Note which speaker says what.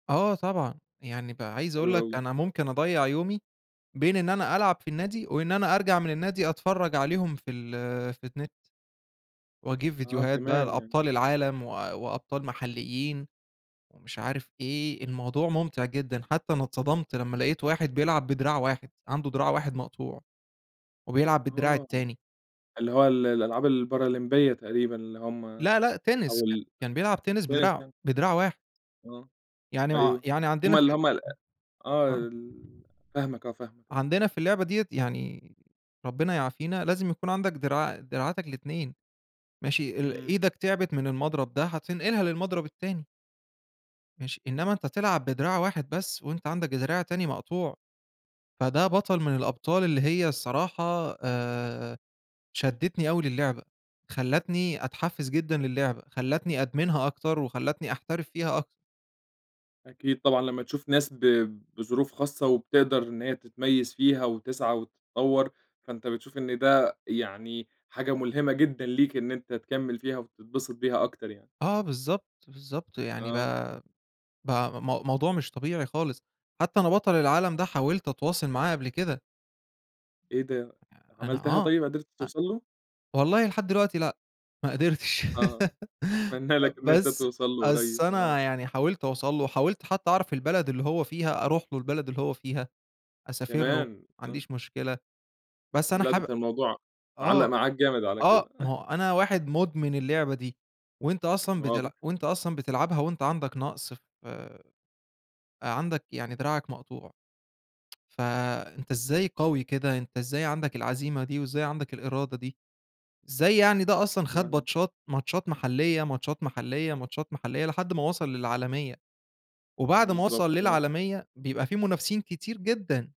Speaker 1: آه، طبعًا يعني بقى عايز أقول
Speaker 2: حلو
Speaker 1: لك
Speaker 2: أوي.
Speaker 1: أنا ممكن أضيّع يومي، بين إن أنا ألعب في النادي وإن أنا أرجَع من النادي أتفرّج عليهم في ال في النت. وأجيب
Speaker 2: آه،
Speaker 1: فيديوهات بقى
Speaker 2: كمان يعني،
Speaker 1: لأبطال
Speaker 2: إمم.
Speaker 1: العالم و وأبطال محليين، ومش عارف إيه الموضوع ممتع جدًا، حتّى أنا اتصدمت لمّا لقيت واحد بيلعب بدراع واحد، عندُه دراع واحد مقطوع، وبيلعب بالدراع
Speaker 2: آه
Speaker 1: التاني.
Speaker 2: اللي هو ال الألعاب البارالمبية تقريبًا، اللي هم
Speaker 1: لا، لأ tennis
Speaker 2: أو
Speaker 1: ك
Speaker 2: ال
Speaker 1: كان بيلعب tennis بدراع
Speaker 2: [unintelligible]
Speaker 1: بدراع واحد.
Speaker 2: آه،
Speaker 1: يعني ما
Speaker 2: أيوه
Speaker 1: يعني
Speaker 2: هم
Speaker 1: عندنا
Speaker 2: ال
Speaker 1: في
Speaker 2: هم ال أ آه،
Speaker 1: [unintelligible] آه.
Speaker 2: ال فاهمك آه، فاهمك آه.
Speaker 1: عندنا في اللعبة دِيَّة، يعني ربنا يعافينا لازم يكون عندك دراع دراعاتك الإتنين، ماشي، ل
Speaker 2: إمم.
Speaker 1: إيدك تعبت من المضرب ده، هتنقلها للمضرب التاني. ماشي، إنّما أنت تلعب بدراع واحد بس، وأنت عندك دراع تاني مقطوع، فده بَطَل من الأبطال اللي هي الصراحة آآ، شدّتني أوي لللعبة، خلّتني أتحفّز جدًا لللعبة، خلّتني أدمنها أكتر، وخلّتني أحترف فيها أكتر.
Speaker 2: أكيد، طبعًا لمّا تشوف ناس ب بظروف خاصة، وبتقدَر إن هي تتميز فيها وتسعى وتتطوّر، فأنت بتشوف إن ده يعني حاجة ملهمة جدًا ليك، إن أنت تكمّل فيها وتتبسط بيها أكتر يعني.
Speaker 1: آه، بالضبط، بالضبط يعني
Speaker 2: آه.
Speaker 1: بقى بقى م موضوع مش طبيعي خالص، حتّى أنا بطل العالم ده حاولت أتواصل معاه قبل كده.
Speaker 2: إيه ده!
Speaker 1: آآ، أنا
Speaker 2: عملتها
Speaker 1: آه،
Speaker 2: طيّب قدرت
Speaker 1: أ
Speaker 2: توصل له؟
Speaker 1: والله لحد دلوقتي لأ ما قدرتش،
Speaker 2: آه، أتمنّى لك إن أنت
Speaker 1: بس،
Speaker 2: توصَل له
Speaker 1: بس
Speaker 2: قريّب، آه.
Speaker 1: أنا يعني حاولت أوصَل له، وحاولت حتّى أعرف البلد اللي هو فيها، أروح له البلد اللي هو فيها، أسافر له ما
Speaker 2: كمان! آه.
Speaker 1: عنديش مشكلة، بس أنا
Speaker 2: لأ، ده
Speaker 1: حابب
Speaker 2: أنت الموضوع معلّق
Speaker 1: آه،
Speaker 2: معاك جامد على
Speaker 1: آه ما
Speaker 2: كده.
Speaker 1: هو أنا واحد مدمن اللعبة دي، وأنت
Speaker 2: إمم
Speaker 1: أصلًا
Speaker 2: واضح.
Speaker 1: بتلعب وأنت أصلًا بتلعبها وأنت عندك نقص ف آآ، عندك يعني دراعك مقطوع فأنت إزاي قوي كده؟ أنت إزاي عندك العزيمة دي، وإزاي عندك الإرادة دي؟ إزاي يعني ده أصلًا خد
Speaker 2: [unintelligible]
Speaker 1: ماتشات، ماتشات محلية ماتشات محلية ماتشات محلية لحد ما وصَل للعالمية، وبَعد ما
Speaker 2: بالضبط،
Speaker 1: وصَل
Speaker 2: آه.
Speaker 1: للعالمية بيبقى في منافسين كتير جدًا.